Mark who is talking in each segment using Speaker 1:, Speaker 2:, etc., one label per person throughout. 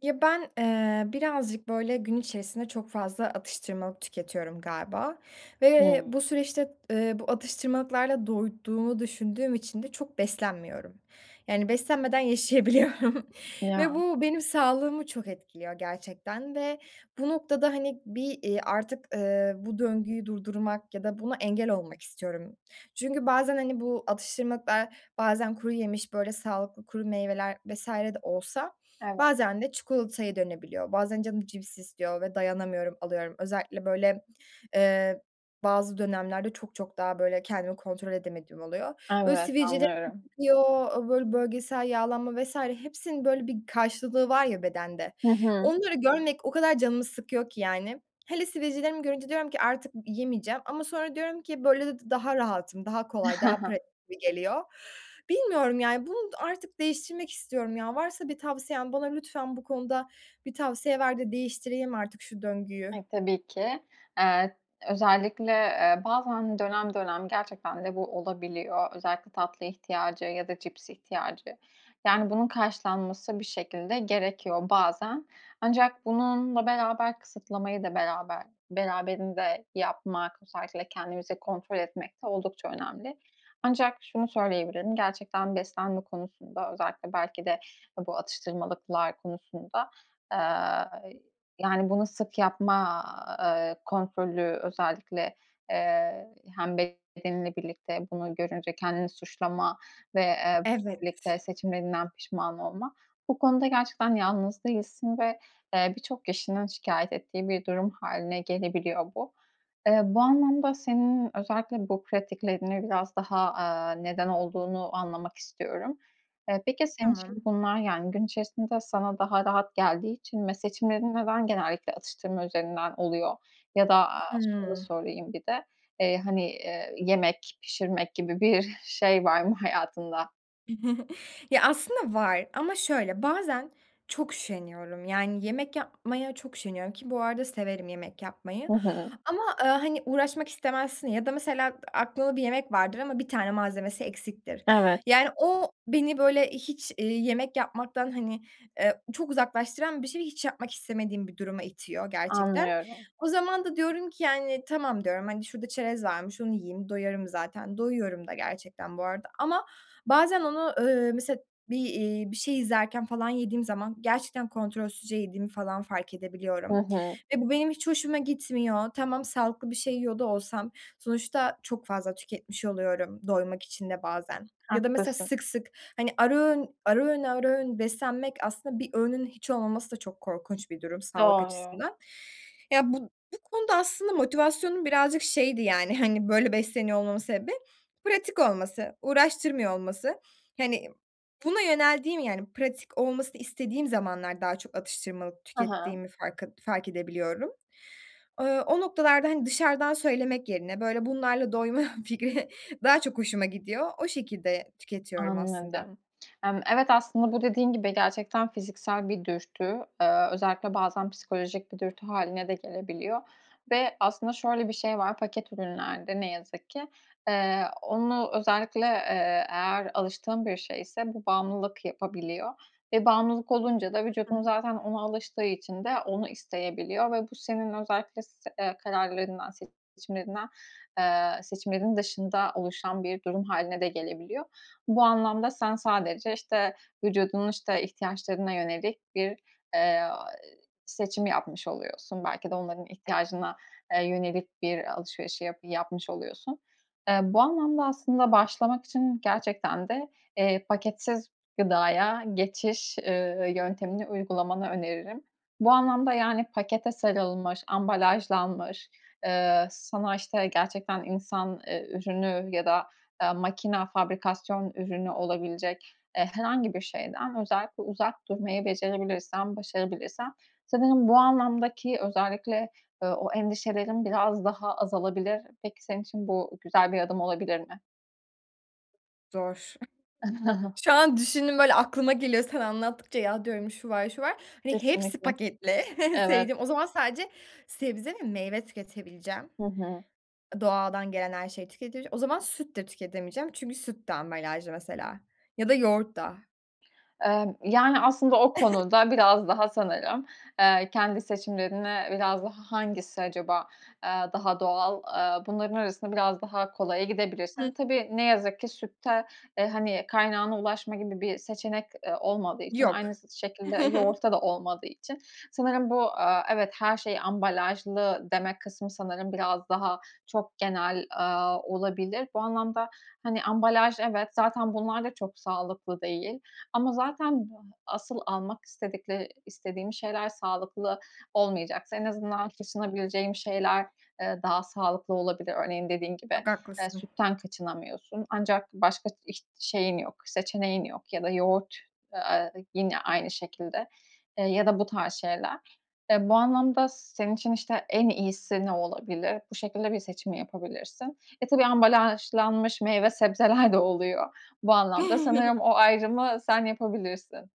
Speaker 1: Ya, ben, ııı, birazcık böyle gün içerisinde çok fazla atıştırmalık tüketiyorum galiba ve
Speaker 2: Hıı.
Speaker 1: bu süreçte, ııı, bu atıştırmalıklarda doyduğumu düşündüğüm için de çok beslenmiyorum. Yani, beslenmeden yaşayabiliyorum ve
Speaker 2: Ya.
Speaker 1: bu, benim sağlığımı çok etkiliyor gerçekten ve bu noktada, hani, bir, ııı, artık, ııı, bu döngüyü durdurmak ya da buna engel olmak istiyorum. Çünkü bazen, hani, bu atıştırmalıklar bazen kuruyemiş, böyle sağlıklı kuru meyveler vs. de olsa
Speaker 2: Evet.
Speaker 1: bazen de çikolataya dönebiliyor. Bazen canım cips istiyor ve dayanamıyorum, alıyorum. Özellikle böyle, ııı, bazı dönemlerde çok çok daha böyle kendimi kontrol edemediğim oluyor. Böyle,
Speaker 2: Evet,
Speaker 1: sivilcelerim
Speaker 2: anlıyorum.
Speaker 1: çıkıyor, eee, böyle, bölgesel yağlanma vs. hepsinin böyle bir karşılığı var ya bedende,
Speaker 2: Hı hı.
Speaker 1: onları görmek o kadar canımı sıkıyor ki, yani. Hele sivilcelerimi görünce diyorum ki "Artık y yemeyeceğim." ama sonra diyorum ki "Böyle de d daha rahatım." Daha kolay, daha pratik gibi geliyor. Bilmiyorum, yani, bunu artık değiştirmek istiyorum ya. Varsa bir tavsiyen bana lütfen bu konuda bir tavsiye ver de değiştireyim artık şu döngüyü.
Speaker 2: Ay, tabii ki. Iıı, özellikle, ııı, bazen, dönem dönem gerçekten de bu olabiliyor. Özellikle tatlı ihtiyacı ya da cips ihtiyacı, yani, bunun karşılanması bir şekilde gerekiyor bazen. Ancak bununla beraber kısıtlamayı da beraber beraberinde yapmak, özellikle kendimizi kontrol etmek de oldukça önemli. Ancak şunu söyleyebilirim, gerçekten beslenme konusunda özellikle belki de, eee, bu atıştırmalıklar konusunda, ııı, yani, bunu sık yapma, ııı, kontrolü özellikle, ııı, hem bedeninle birlikte bunu görünce kendini suçlama ve, ııı,
Speaker 1: Evet.
Speaker 2: birlikte seçimlerinden pişman olma, bu konuda gerçekten yalnız değilsin ve, ııı, birçok kişinin şikâyet ettiği bir durum hâline gelebiliyor bu. Iıı, bu anlamda senin özellikle bu pratiklerini biraz daha, aaa, neden olduğunu anlamak istiyorum. Iıı, peki senin için
Speaker 1: Tamam.
Speaker 2: bunlar, yani, gün içerisinde sana daha rahat geldiği için ve seçimlerin neden genellikle atıştırma üzerinden oluyor? Ya da, aaa, şöyle
Speaker 1: Hıı.
Speaker 2: sorayım bir de, ııı, hani, ııı, yemek pişirmek gibi bir şey var mı hayatında?
Speaker 1: Ya aslında var ama şöyle, bazen çok üşeniyorum yani yemek yapmaya çok üşeniyorum ki, bu arada severim yemek yapmayı
Speaker 2: Hı hı.
Speaker 1: ama, ııı, hani uğraşmak istemezsin ya da mesela a aklında bir yemek vardır ama 1 tane malzemesi eksiktir.
Speaker 2: Evet.
Speaker 1: Yani o beni böyle hiç, iii, yemek yapmaktan, hani, eee, çok uzaklaştıran bir şey, hiç yapmak istemediğim bir duruma itiyor gerçekten.
Speaker 2: Anlıyorum.
Speaker 1: O zaman da diyorum ki, yani "Tamam." diyorum, hani, şurada çerez varmış, onu yiyeyim, doyarım zaten, doyuyorum da gerçekten bu arada ama bazen onu, ııı, mesela bir, iii, bir şey izlerken falan yediğim zaman gerçekten kontrolsüzce yediğimi falan fark
Speaker 2: Hı
Speaker 1: edebiliyorum
Speaker 2: hı.
Speaker 1: ve bu benim hiç hoşuma gitmiyor. Tamam, sağlıklı bir şey yiyor da olsam sonuçta çok fazla tüketmiş oluyorum doymak için de bazen ya da mesela
Speaker 2: Haklısın.
Speaker 1: sık, sık, hani, ara öğün, ara öğün, ara öğün beslenmek aslında bir öğünün hiç olmaması da çok korkunç bir durum sağlık
Speaker 2: Doğru.
Speaker 1: açısından. Ya bu bu konuda aslında motivasyonum birazcık şeydi, yani, hani, böyle besleniyor olmamın sebebi, pratik olması, uğraştırmıyor olması. Hani, buna yöneldiğim yani pratik olmasını istediğim zamanlar daha çok atıştırmalık
Speaker 2: Ha ha.
Speaker 1: tükettiğimi farkı fark edebiliyorum. Iıı, o noktalarda, hani, dışarıdan söylemek yerine böyle bunlarla doyma fikri daha çok hoşuma gidiyor. O şekilde tüketiyorum aslında.
Speaker 2: Anladım. Hımm, evet, aslında bu dediğin gibi gerçekten fiziksel bir dürtü. Iıı, özellikle bazen psikolojik bir dürtü hâline de gelebiliyor ve aslında şöyle bir şey var paket ürünlerde ne yazık ki; eee, onu özellikle, eee, eğer alıştığın bir şeyse bu bağımlılık yapabiliyor ve bağımlılık olunca da
Speaker 1: Hı
Speaker 2: vücudun
Speaker 1: hı.
Speaker 2: zaten ona alıştığı için de onu isteyebiliyor ve bu senin özellikle s eee, kararlarından, seçimlerinden, eee, seçimlerin dışında oluşan bir durum hâline de gelebiliyor. Bu anlamda sen sadece, işte, vücudunun, işte, ihtiyaçlarına yönelik bir, eee, ııı, seçim yapmış oluyorsun, belki de onların
Speaker 1: [unintelligible]
Speaker 2: ihtiyacına, eee, yönelik bir alışverişi yap yapmış oluyorsun. Eee, bu anlamda aslında başlamak için gerçekten de, eee, paketsiz gıdaya geçiş, ııı, yöntemini uygulamanı öneririm. Bu anlamda yani pakete sarılmış, ambalajlanmış, ııı, sana, işte, gerçekten insan, ııı, ürünü ya da, eee, makine, fabrikasyon ürünü olabilecek, eee, herhangi bir şeyden özellikle uzak durmayı becerebilirsen, başarabilirsen, sanırım bu anlamdaki özellikle, ııı, o endişelerin biraz daha azalabilir. Peki, senin için bu güzel bir adım olabilir mi?
Speaker 1: Zor. Şu an düşündüm böyle aklıma geliyor. Sana anlattıkça ya diyorum şu var şu var hani hepsi
Speaker 2: Kesinlikle.
Speaker 1: paketli en
Speaker 2: Evet.
Speaker 1: sevdiğim. O zaman sadece sebze ve meyve tüketebileceğim.
Speaker 2: Hı hı.
Speaker 1: A, doğadan gelen her şeyi tüketeceğim. O zaman süt de tüketemeyeceğim çünkü süt de ambalajda mesela ya da yoğurt da.
Speaker 2: Emm, yani aslında o konuda biraz daha sanırım, eee, kendi seçimlerine biraz daha hangisi acaba, eee, daha doğal, eee, bunların arasında biraz daha kolaya
Speaker 1: Hı.
Speaker 2: gidebilirsin. Tabii ne yazık ki sütte, e, hani kaynağına ulaşma gibi bir seçenek, eee, olmadığı için
Speaker 1: Yok.
Speaker 2: aynısı şekilde yoğurtta da olmadığı için sanırım bu, eee, evet, her şey ambalajlı demek kısmı sanırım biraz daha çok genel, aaa, olabilir. Bu anlamda, hani, ambalaj evet, zaten bunlar da çok sağlıklı değil. Ama zaten asıl almak istedikleri istediğim şeyler sağlıklı olmayacaksa en azından kaçınabileceğim şeyler, eee, daha sağlıklı olabilir. Örneğin dediğin gibi,
Speaker 1: Çok
Speaker 2: eee,
Speaker 1: haklısın.
Speaker 2: sütten kaçınamıyorsun ancak başka iç şeyin yok, seçeneğin yok ya da yoğurt, eee, yine aynı şekilde, eee, ya da bu tarz şeyler. Eee, bu anlamda s senin için işte en iyisi ne olabilir? Bu şekilde bir seçim yapabilirsin. E, tabii ambalajlanmış meyve sebzeler de oluyor bu anlamda. Sanırım o ayrımı sen yapabilirsin.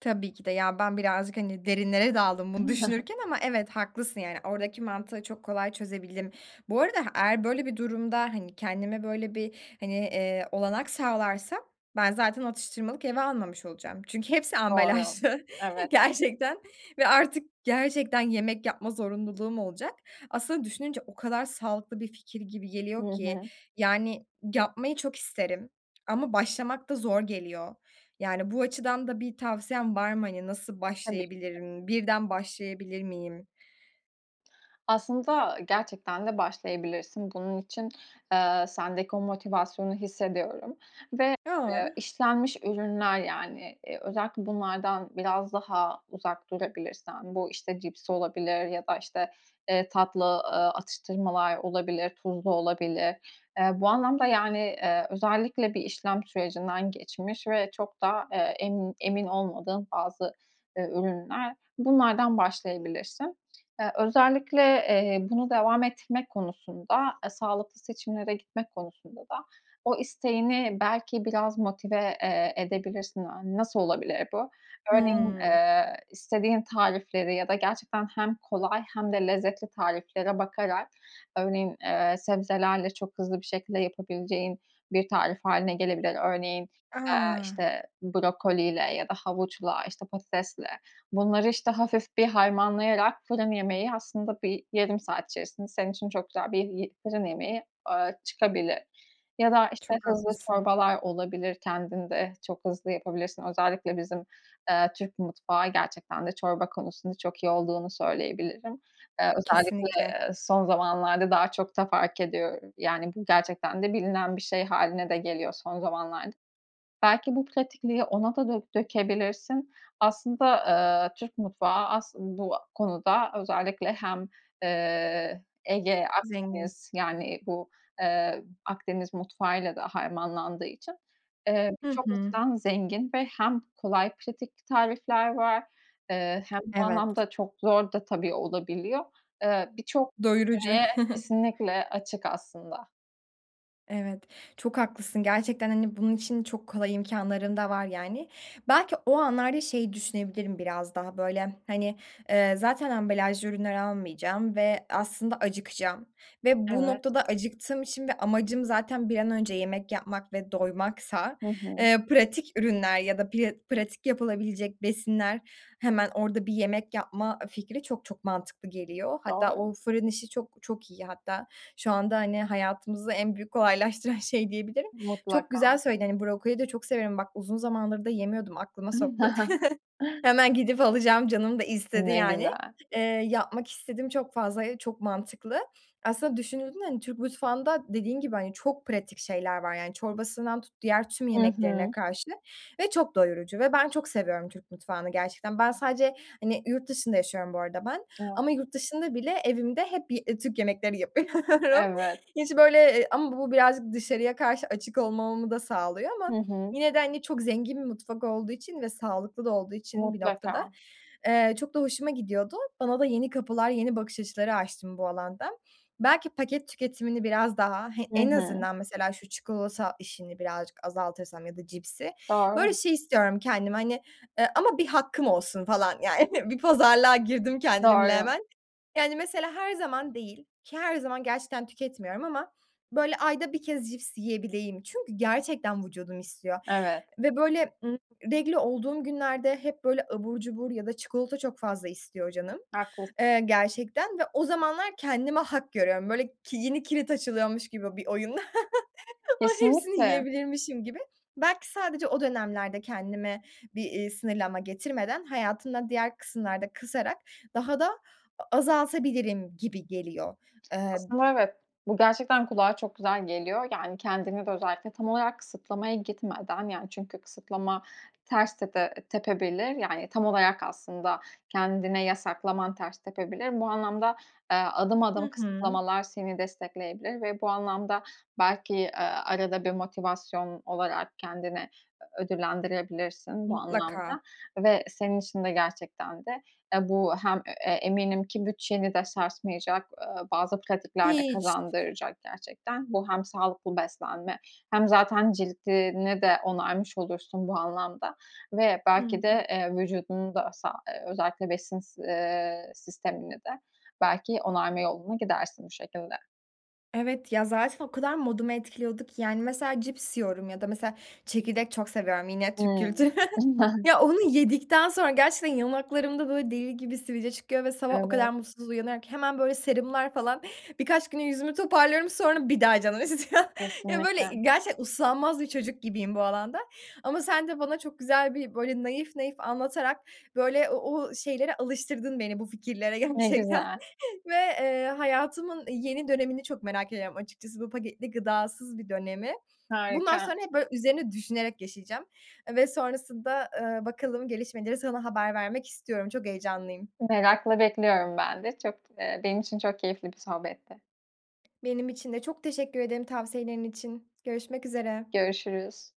Speaker 1: Tabii ki de ya, ben birazcık, hani, derinlere daldım bunu düşünürken ama evet, haklısın, yani, oradaki mantığı çok kolay çözebildim. Bu arada h eğer böyle bir durumda, hani, kendime böyle bir, hani, eee, olanak sağlarsam ben, zaten atıştırmalık eve almamış olacağım çünkü hepsi
Speaker 2: Doğru.
Speaker 1: ambalajlı,
Speaker 2: Evet.
Speaker 1: gerçekten. Ve artık gerçekten yemek yapma zorunluluğum olacak. Aslında düşününce o kadar sağlıklı bir fikir gibi
Speaker 2: Hı
Speaker 1: geliyor ki.
Speaker 2: hı.
Speaker 1: Yani, yapmayı çok isterim ama başlamak da zor geliyor. Yani, bu açıdan da bir tavsiyen var mı hani nasıl
Speaker 2: Tabii ki de.
Speaker 1: başlayabilirim, birden başlayabilir miyim?
Speaker 2: Aslında gerçekten de başlayabilirsin. Bunun için, eee, sendeki o motivasyonu hissediyorum. Ve,
Speaker 1: Ya!
Speaker 2: eee, işlenmiş ürünler, yani, eee, özellikle bunlardan biraz daha uzak durabilirsen, bu, işte, cips olabilir ya da, işte, eee, tatlı, ııı, atıştırmalar olabilir, tuzlu olabilir. Eee, bu anlamda, yani, eee, özellikle bir işlem sürecinden geçmiş ve çok da, eee, emin emin olmadığın bazı, eee, ürünler bunlardan başlayabilirsin. Eee, özellikle, eee, bunu devam ettirmek konusunda, eee, sağlıklı seçimlere gitmek konusunda da o isteğini belki biraz motive, eee, edebilirsin. Yani, nasıl olabilir bu? Örneğin,
Speaker 1: Hıı.
Speaker 2: eee, istediğin tarifleri ya da gerçekten hem kolay hem de lezzetli tariflere bakarak örneğin, eee, sebzelerle çok hızlı bir şekilde yapabileceğin bir tarif hâline gelebilir. Örneğin, eee,
Speaker 1: A!
Speaker 2: işte, brokoliyle ya da havuçla, işte, patatesle bunları, işte, hafif bir harmanlayarak fırın yemeği aslında bir yarım saat içerisinde senin için çok güzel bir yı fırın yemeği, ııı, çıkabilir. Ya da, işte,
Speaker 1: Çok
Speaker 2: hızlı
Speaker 1: haklısın.
Speaker 2: çorbalar olabilir, kendin de çok hızlı yapabilirsin. Özellikle bizim, eee, Türk mutfağı gerçekten de çorba konusunda çok iyi olduğunu söyleyebilirim. Eee, özellikle,
Speaker 1: Kesinlikle.
Speaker 2: eee, son zamanlarda daha çok da fark ediyor, yani, bu gerçekten de bilinen bir şey hâline de geliyor son zamanlarda. Belki bu pratikliği ona da dö dökebilirsin. Aslında, ııı, Türk mutfağı as bu konuda özellikle hem, eee, Ege,
Speaker 1: Zengin.
Speaker 2: Akdeniz, yani, bu, eee, Akdeniz mutfağıyla da harmanlandığı için, eee,
Speaker 1: Hı
Speaker 2: birçok
Speaker 1: hı.
Speaker 2: açıdan zengin ve hem kolay, pratik tarifler var, eee, hem bu
Speaker 1: Evet.
Speaker 2: anlamda çok zor da tabii olabiliyor. Eee, birçok
Speaker 1: Doyurucu.
Speaker 2: seçeneğe kesinlikle açık aslında.
Speaker 1: Evet. Çok haklısın. Gerçekten, hani, bunun için çok kolay imkânların da var yani. Belki o anlarda şeyi düşünebilirim biraz daha, böyle, hani, ııı, zaten ambalajlı ürünler almayacağım ve aslında acıkacağım ve bu
Speaker 2: Evet.
Speaker 1: noktada acıktığım için ve amacım zaten bir an önce yemek yapmak ve doymaksa,
Speaker 2: Hı hı.
Speaker 1: ııı, pratik ürünler ya da piya pratik yapılabilecek besinler hemen orada bir yemek yapma, ııı, fikri çok çok mantıklı geliyor. Hatta
Speaker 2: Doğru.
Speaker 1: o fırın işi çok çok iyi hatta şu anda hani hayatımızı en büyük kolaylaştıran şey diyebilirim. Çok
Speaker 2: Mutlaka.
Speaker 1: güzel söyledin, hani, brokoli de çok severim bak uzun zamandır da yemiyordum, aklıma soktun. Hemen gidip alacağım canım da istedi
Speaker 2: Ne
Speaker 1: yani.
Speaker 2: güzel.
Speaker 1: Eee, yapmak istedim çok fazla, e çok mantıklı. Aslında düşünüldüğünde hani Türk mutfağında dediğin gibi, hani, çok pratik şeyler var yani çorbasından tut diğer tüm
Speaker 2: Hı
Speaker 1: yemeklerine
Speaker 2: hı.
Speaker 1: karşı ve çok doyurucu ve ben çok seviyorum Türk mutfağını gerçekten. Ben sadece, hani, yurt dışında yaşıyorum bu arada ben ama
Speaker 2: Evet.
Speaker 1: yurt dışında bile evimde hep ye Türk yemekleri yapıyorum.
Speaker 2: Evet.
Speaker 1: Hiç, böyle Iıı, ama bu birazcık dışarıya karşı açık olmamamı da sağlıyor
Speaker 2: Hı
Speaker 1: ama
Speaker 2: hı.
Speaker 1: yine de hani çok zengin bir mutfak olduğu için ve sağlıklı da olduğu için bir noktada,
Speaker 2: Mutlaka.
Speaker 1: eee, çok da hoşuma gidiyordu. Bana da yeni kapılar, yeni bakış açıları açtın bu alanda. Belki paket tüketimini biraz daha He,
Speaker 2: Hı
Speaker 1: en
Speaker 2: hı.
Speaker 1: azından mesela şu çikolata işini birazcık azaltırsam ya da cipsi. Böyle
Speaker 2: Doğru.
Speaker 1: şey istiyorum kendime, hani, ııı, ama 1 hakkım olsun falan, yani bir pazarlığa girdim kendimle
Speaker 2: Doğru.
Speaker 1: hemen. Yani mesela her zaman değil ki her zaman gerçekten tüketmiyorum ama böyle ayda 1 kez cips yiyebileyim çünkü gerçekten vücudum istiyor
Speaker 2: Evet.
Speaker 1: ve böyle, ııı, regl olduğum günlerde hep böyle abur cubur ya da çikolata çok fazla istiyor canım,
Speaker 2: Haklısın.
Speaker 1: eee, gerçekten ve o zamanlar kendime hak görüyorum. Böyle ki yeni kilit açılıyormuş gibi bir oyun, ay, hepsini
Speaker 2: Kesinlikle.
Speaker 1: yiyebilirmişim gibi. Belki sadece o dönemlerde kendime bir, ııı, sınırlama getirmeden hayatımda diğer kısımlarda kısarak daha da a azaltabilirim gibi geliyor. Iıı, b
Speaker 2: Aslında evet, bu gerçekten kulağa çok güzel geliyor. Yani, kendimi de özellikle tam olarak kısıtlamaya gitmeden yani çünkü kısıtlama ters tepe tepebilir. Yani, tam olarak aslında kendine yasaklaman ters tepebilir. Bu anlamda, ııı, adım
Speaker 1: Hı
Speaker 2: adım
Speaker 1: hı.
Speaker 2: kısıtlamalar seni destekleyebilir ve bu anlamda belki, aaa, arada bir motivasyon olarak kendine ö ödüllendirebilirsin bu anlamda
Speaker 1: Mutlaka.
Speaker 2: ve senin için de gerçekten de ya bu hem e eee, eminim ki bütçeni de sarsmayacak, ııı, bazı pratikler de
Speaker 1: Hiç.
Speaker 2: kazandıracak gerçekten. Bu hem sağlıklı beslenme hem zaten cildini de onarmış olursun bu anlamda ve
Speaker 1: Hı
Speaker 2: belki
Speaker 1: hı.
Speaker 2: de, eee, vücudunu da sa ııı, özellikle besin s eee, sistemini de belki onarma yoluna gidersin bu şekilde.
Speaker 1: Evet, ya zaten o kadar modumu etkiliyordu ki, yani, mesela cips yiyorum ya da mesela çekirdek çok seviyorum, yine Türk
Speaker 2: Hımm.
Speaker 1: kültürü.
Speaker 2: Aynen.
Speaker 1: Ya, onu yedikten sonra gerçekten yanaklarımda böyle deli gibi sivilce çıkıyor ve sabah o kadar
Speaker 2: Evet.
Speaker 1: mutsuz uyanıyorum ki hemen böyle serumlar falan birkaç güne yüzümü toparlıyorum. Sonra bir daha canım istiyor ya böyle
Speaker 2: Kesinlikle.
Speaker 1: i gerçekten uslanmaz bir çocuk gibiyim bu alanda ama sen de bana çok güzel bir böyle naif naif anlatarak böyle o o şeylere alıştırdın beni bu fikirlere
Speaker 2: Ne
Speaker 1: gerçekten
Speaker 2: güzel.
Speaker 1: ve, ııı, hayatımın, iii, yeni dönemini çok merak ediyorum açıkçası bu paketli gıdasız bir dönemi. Bundan
Speaker 2: Harika.
Speaker 1: sonra hep böyle üzerine düşünerek yaşayacağım ve sonrasında, ııı, bakalım gelişmeleri sana haber vermek istiyorum. Çok heyecanlıyım.
Speaker 2: Merakla bekliyorum ben de çok, ııı, benim için çok keyifli bir sohbetti.
Speaker 1: Benim için de çok teşekkür ederim tavsiyelerin için. Görüşmek üzere.
Speaker 2: Görüşürüz.